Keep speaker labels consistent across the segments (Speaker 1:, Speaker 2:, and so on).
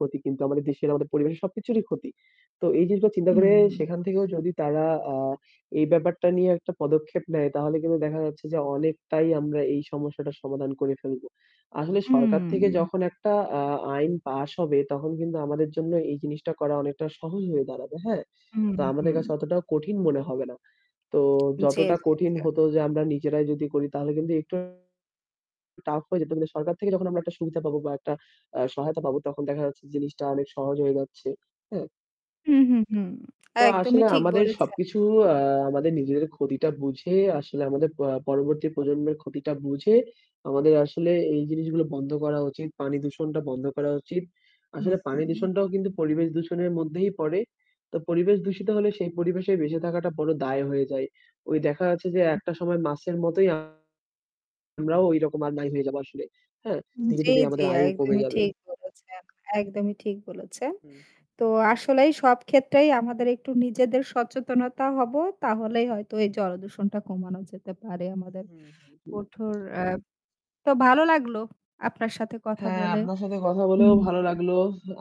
Speaker 1: ক্ষতি, কিন্তু আমাদের দেশের, আমাদের পরিবেশের সবকিছুরই ক্ষতি। তো এই জিনিসটা চিন্তা করে
Speaker 2: উম
Speaker 1: সেখান থেকেও যদি তারা, আ এই ব্যাপারটা নিয়ে একটা পদক্ষেপ নেয়, তাহলে কিন্তু দেখা যাচ্ছে যে অনেকটাই আমরা এই সমস্যাটার সমাধান করে ফেলব। আসলে সরকার থেকে
Speaker 2: উম
Speaker 1: যখন একটা আ আইন pass হবে তখন কিন্তু আমাদের জন্য এই জিনিসটা করা অনেকটা সহজ হয়ে দাঁড়াবে, হ্যাঁ?
Speaker 2: উম
Speaker 1: তো আমাদের
Speaker 2: হুম।
Speaker 1: কাছে অতটাও কঠিন মনে হবে না। তো
Speaker 2: জি, জি, জি।
Speaker 1: যতটা কঠিন হত যে আমরা নিজেরাই যদি করি তাহলে কিন্তু একটু tough হয়ে যেত। কিন্তু সরকার থেকে যখন আমরা একটা সুবিধা পাব বা একটা আ সহায়তা পাব তখন দেখা যাচ্ছে জিনিসটা অনেক সহজ হয়ে যাচ্ছে, হ্যাঁ?
Speaker 2: হুম, হুম, হুম।
Speaker 1: তো
Speaker 2: একদমই
Speaker 1: আসলে
Speaker 2: ঠিক
Speaker 1: আমাদের
Speaker 2: বলেছেন।
Speaker 1: সবকিছু আ আমাদের নিজেদের ক্ষতিটা বুঝে, আসলে আমাদের প পরবর্তী প্রজন্মের ক্ষতিটা বুঝে আমাদের আসলে এই জিনিসগুলা বন্ধ করা উচিত। পানি দূষণটা বন্ধ করা উচিত। আসলে পানি
Speaker 2: হুউম।
Speaker 1: দূষণটাও কিন্তু পরিবেশ দূষণের মধ্যেই পড়ে। তো পরিবেশ দূষিত হলে সেই পরিবেশে বেঁচে থাকাটা বড় দায় হয়ে যায়। ওই দেখা যাচ্ছে যে,
Speaker 2: হুম।
Speaker 1: একটা সময়মাছের মতোই আমরাও ওই রকম আর নাই হয়ে যাব আসলে, হ্যাঁ?
Speaker 2: হুম।
Speaker 1: ধীরে,
Speaker 2: জি,
Speaker 1: ধীরে
Speaker 2: জি,
Speaker 1: আমাদের
Speaker 2: আ
Speaker 1: আয়ু কমে
Speaker 2: একদমই
Speaker 1: যাবে।
Speaker 2: ঠিক বলেছেন। একদমই ঠিক বলেছেন।
Speaker 1: হুম।
Speaker 2: তো আসলেই সব ক্ষেত্রেই আমাদের একটু নিজেদের সচেতনতা হবো। তাহলেই হয়তো এই জলদূষণটা কমানো যেতে পারে আমাদের
Speaker 1: হুম, হুম।
Speaker 2: ওঠর অ্যা তো ভালো লাগলো আপনার সাথে কথা
Speaker 1: হ্যাঁ,
Speaker 2: বলে।
Speaker 1: আপনার সাথে কথা
Speaker 2: হুম,
Speaker 1: বলেও ভালো
Speaker 2: হুম।
Speaker 1: লাগলো।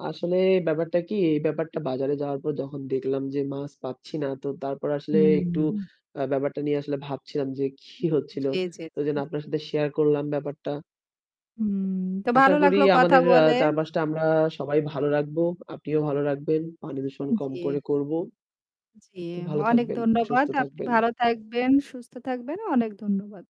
Speaker 1: আসলে ব্যাপারটা কি, এই ব্যাপারটা বাজারে যাওয়ার পর যখন দেখলাম যে মাছ পাচ্ছি না, তো তারপর আসলে
Speaker 2: হুম,
Speaker 1: একটু
Speaker 2: হুম।
Speaker 1: আ ব্যাপারটা নিয়ে আসলে ভাবছিলাম যে কি হচ্ছিল।
Speaker 2: জি, জি,
Speaker 1: তো
Speaker 2: জি,
Speaker 1: যেন আপনার
Speaker 2: জি।
Speaker 1: সাথে share করলাম ব্যাপারটা।
Speaker 2: হুম। তো
Speaker 1: আশা
Speaker 2: ভালো
Speaker 1: করি
Speaker 2: লাগলো কথা
Speaker 1: আমাদের আ
Speaker 2: বলে।
Speaker 1: চারপাশটা আমরা সবাই ভালো রাখব। আপনিও ভালো রাখবেন। পানি দূষণ
Speaker 2: উ
Speaker 1: কম
Speaker 2: জি।
Speaker 1: করে করব।
Speaker 2: জি।
Speaker 1: তো ভালো
Speaker 2: অনেক
Speaker 1: থাকবেন,
Speaker 2: ধন্যবাদ।
Speaker 1: সুস্থ
Speaker 2: আপনি
Speaker 1: থাকবেন।
Speaker 2: ভালো থাকবেন, সুস্থ থাকবেন। অনেক ধন্যবাদ।